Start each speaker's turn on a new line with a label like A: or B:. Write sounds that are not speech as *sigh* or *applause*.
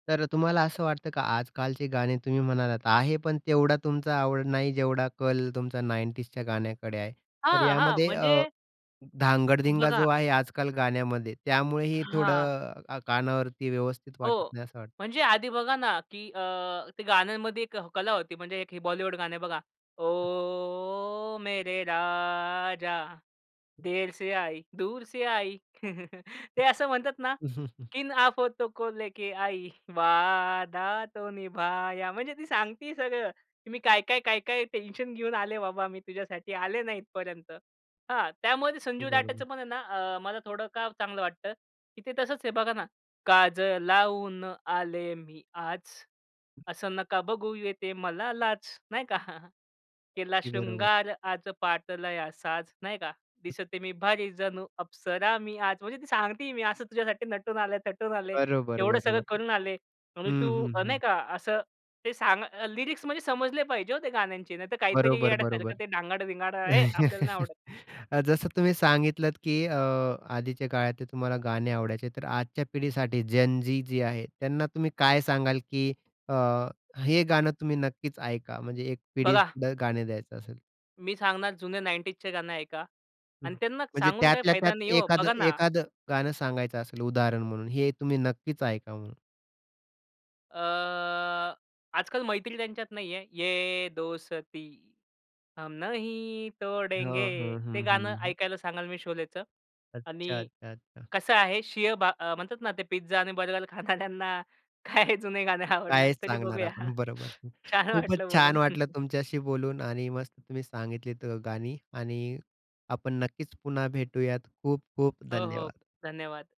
A: तर तुम्हाला असं वाटतं का? आजकालचे गाणे तुम्ही म्हणालात, आहे पण तेवढा तुमचा आवड नाही, जेवढा कल तुमचा 90sच्या गाण्याकडे आहे. तर
B: हां, हां.
A: यामध्ये अ,
B: म्हणजे अ,
A: धांगाडधिंगा जो
B: बघा.
A: आहे, आजकल गाण्यामध्ये
B: अ,
A: त्यामुळेही
B: हां.
A: थोडं, कानावरती व्यवस्थित वाटत
B: हो.
A: नाही असं वाटतं.
B: म्हणजे आधी बघा ना, की अ ते गाण्यांमध्ये एक कला होती म्हणजे एक हे बॉलिवूड गाणं बघा. ओ, मेरे राजा! देर से आयी, दूर से आयी. *chuckles* ते असं म्हणतात ना,
A: *chuckles*
B: किन आफतों को लेके आई, वादा तो निभाया. म्हणजे ती सांगते सगळं, की मी काय-काय, काय-काय टेन्शन घेऊन आले बाबा, मी तुझ्यासाठी आले ना इथपर्यंत. हां. त्यामध्ये
A: की
B: संजू राठेचं
A: बरोबर.
B: पण आहे ना, अ, मला थोडं का चांगलं वाटतं, की ते तसंच हे बघा ना, काजळ लावून आले मी आज, असं नका बघू येते मला लाज. नाही का? *chuckles* केला
A: अगदी बरोबर.
B: शृंगार आज घातलाया साज. नाही का, दिसते मी भारी, जणू अप्सरा मी आज म्हणजे ती सांगते मी असं तुझ्यासाठी नटून आले, तटून आले.
A: बरोबर,
B: एवढं सगळं
A: बरोबर.
B: करून आले. म्हणजे
A: हं,
B: तू,
A: हं,
B: अ, नाही
A: हं.
B: का, असं ते सांग. लिरिक्स म्हणजे समजले पाहिजे हो ते गाण्यांचे, नाहीतर काहीतरी
A: बरोबर, बरोबर.
B: येड्यासारखं ते धांगाड-विंगाड, अय्ये! आपल्याला नाही
A: *chuckles*
B: आवडत.
A: अ, जसं तुम्ही सांगितलत, की अ, आधीच्या काळातले तुम्हाला गाणे आवडायचे, तर आजच्या पिढीसाठी जेन झी जी आहे, त्यांना तुम्ही काय सांगाल, की अ, हे गाणं तुम्ही नक्कीच ऐका म्हणजे एक
B: बघा
A: पिढीतलं गाणे द्यायचं असेल.
B: मी सांगणार, जुने 90sचे गाणं ऐका. आणि त्यांना
A: म्हणजे
B: सांगून काही
A: त्यातल्या
B: फायदा
A: त्यात
B: नाही आहे हो,
A: एखादं
B: बघा ना.
A: एखादं गाणं सांगायचं असेल उदाहरण म्हणून, हे तुम्ही नक्कीच ऐका म्हणून.
B: अ, आजकाल मैत्री त्यांच्यात नाही आहे. ये दोस्ती हम नहीं
A: हो,
B: तोड़ेंगे,
A: हो.
B: ते
A: हं,
B: गाणं
A: हं, हं.
B: ऐकायला सांगाल मी शोलेचं.
A: अच्छा,
B: आणि
A: अच्छा, अच्छा.
B: कसं आहे, शिळ भा म्हणतात ना ते पिझ्झा आणि बर्गर खाणाऱ्यांना काय जुने गाणे आवडणार,
A: कायच
B: तरी
A: सांगणार
B: बघूया.
A: आपण, बरोबर.
B: छान
A: खूपच
B: वाटलं
A: छान
B: बोलून.
A: वाटलं तुमच्याशी बोलून आणि मस्त तुम्ही सांगितलीत अ, गाणी. आणि आपण नक्कीच पुन्हा भेटूयात, खूप-खूप
B: हो, हो.
A: धन्यवाद!
B: धन्यवाद.